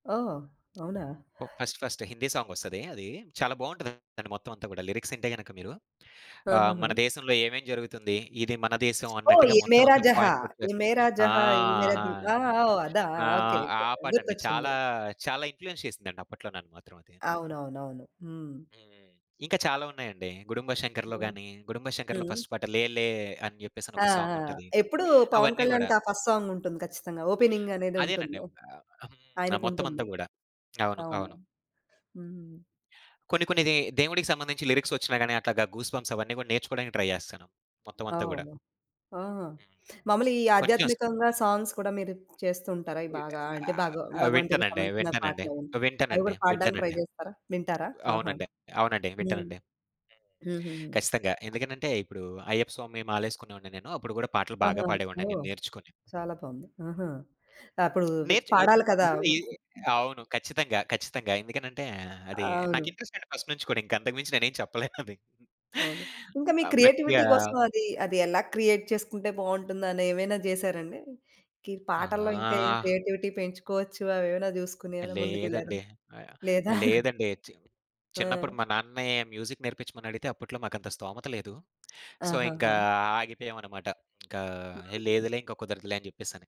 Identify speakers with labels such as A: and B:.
A: ఓహ్! అవునా!
B: ఓహ్! ఫస్ట్ ఫస్టే, హిందీ సాంగొస్తదీ అదీ. చాలా బావుంటదండి మొత్తమంతా కూడా. లిరిక్సింటే గనక మీరు. ఆహ్, మన
A: ఆహాహా!
B: దేశంలో ఏమేం జరుగుతుంది, ఇది మన దేశం
A: ఓహ్!
B: అన్నట్టుగా,
A: 'ఎ మేర
B: మొత్తమంతా
A: జహా,'
B: పాయింట్ అవుట్ చే
A: 'ఎ మేర
B: ఆ!
A: జహా,' 'ఎ మేర
B: ఆహా!
A: ది' ఆ! ఓహ్! అదా? ఓకే.
B: ఆహ్, ఆ
A: ఓకే.
B: పాటండి,
A: గుర్తొచ్చింది.
B: చాలా చాలా ఇన్‌ఫ్లూ‌యన్స్ చేసిందండి అప్పట్లో నన్ను మాత్రం అది.
A: అవునవునవును. హ్మ్.
B: హ్మ్. ఇంకా చాలా ఉన్నాయండీ. గుడుంబా శంకర్లో
A: హ్మ్.
B: గానీ, గుడుంబా శంకర్లో
A: హ్మ్.
B: ఫస్ట్ పాట 'లేలే' అని
A: ఆ!
B: జెప్పేసనొక
A: ఆ!
B: సాంగుంటది.
A: ఎప్పుడూ పవన్
B: అవన్నీ గూడా.
A: కళ్యాణ్‌కా ఫస్ట్ సాంగుంటుంది ఖచ్చితంగా. ఓపెనింగ్
B: అదేనండి.
A: అనేదుంటుందో.
B: ఒకా హ్మ్. ఆ మొత్తమంతా
A: ఆయనకుంటుంది.
B: గూడా. అవును.
A: అవును.
B: అవును.
A: హ్మ్.
B: కొన్ని కొన్ని దే దేవుడికి సంబంధించి, లిరిక్సొచ్చినాగాని అట్లాగా, గూస్ బంప్స్ అవన్నీ గూడా, నేర్చుకోడానికి ట్రై జేస్తను. మొత్తం అంతా గూడా.
A: ఓహ్! ఆహా!
B: హ్మ్.
A: మాములుగా ఈ
B: కొంచెం స
A: ఆధ్యాత్మికంగా సాంగ్స్ కూడా, మీరు చేస్తూ ఉంటారా? అయి
B: ఓయ్!
A: బాగా అంటే,
B: ఆహ్,
A: భాగ
B: ఆ!
A: భగవంతుడికి
B: వింటానండి,
A: సంబంధించిన
B: వింటానండి.
A: పాటలవీను.
B: ఆహ్,
A: అవి
B: వింటానండి.
A: కూడా పాడ్డానికి ట్రై
B: వింటానండి.
A: జేస్తరా? వింటారా? ఆహా!
B: అవునండె. అవునండి,
A: హ్మ్.
B: వింటానండి. హ్మ్.
A: హూహూహు.
B: ఖచ్చితంగా. ఎందుకనంటే, ఇప్పుడూ అయ్యప్ప స్వామి మాలేసుకునేవాడిని నేను. అప్పుడు గూడా పాటలు బాగా
A: ఆహా!
B: పాడేవాడిన్ని అన్నీ
A: ఓహ్!
B: నేర్చుకొని.
A: చాలా బాగుంది. ఆహా! అప్పుడూ
B: హ్మ్.
A: ఇవి
B: నేర్చు ఏ
A: పాడాలి కదా!
B: అందులో ఏ అవును. ఖచ్చితంగా. ఖచ్చితంగా. ఎందుకనంటే, అదీ
A: అవును.
B: నాకింట్రెస్టండి ఫస్ట్ నుంచి కూడా. ఇంకంతకు మించి నేనేం చెప్పలేనది.
A: అవును. ఇంకా
B: హ్మ్
A: మీ
B: ఆహ్,
A: క్రియేటివిటీ
B: మర్చిపోయా.
A: కోసం, అదీ, అది ఎలా క్రియేట్ చేసుకుంటే బావుంటుందనేమైనా జేసారా అండి? గీ పాటల్లో ఇంకా ఏం
B: ఆహా!
A: క్రియేటివిటీ పెంచుకోవచ్చు, అవేమైనా జూసుకొనేమన్నా ముందుకెళ్ళారా?
B: లేదండి. ఆహ్, యాహ్,
A: లేదా?
B: ఆహ్, లేదండి. చీమ్
A: ఆ!
B: చిన్నప్పుడు మా నాన్నని, మ్యూజిక్ నేర్పిచ్చమని అడిగితే, అప్పుట్లో మాకంత స్తోమత లేదు. సో, ఇంకా
A: ఆహాహా!
B: ఆగిపోయామనమాట. ఇంకా ఏహ్,
A: హుహు.
B: లేదులే, ఇంకా కుదరదులే అని జెప్పేసని.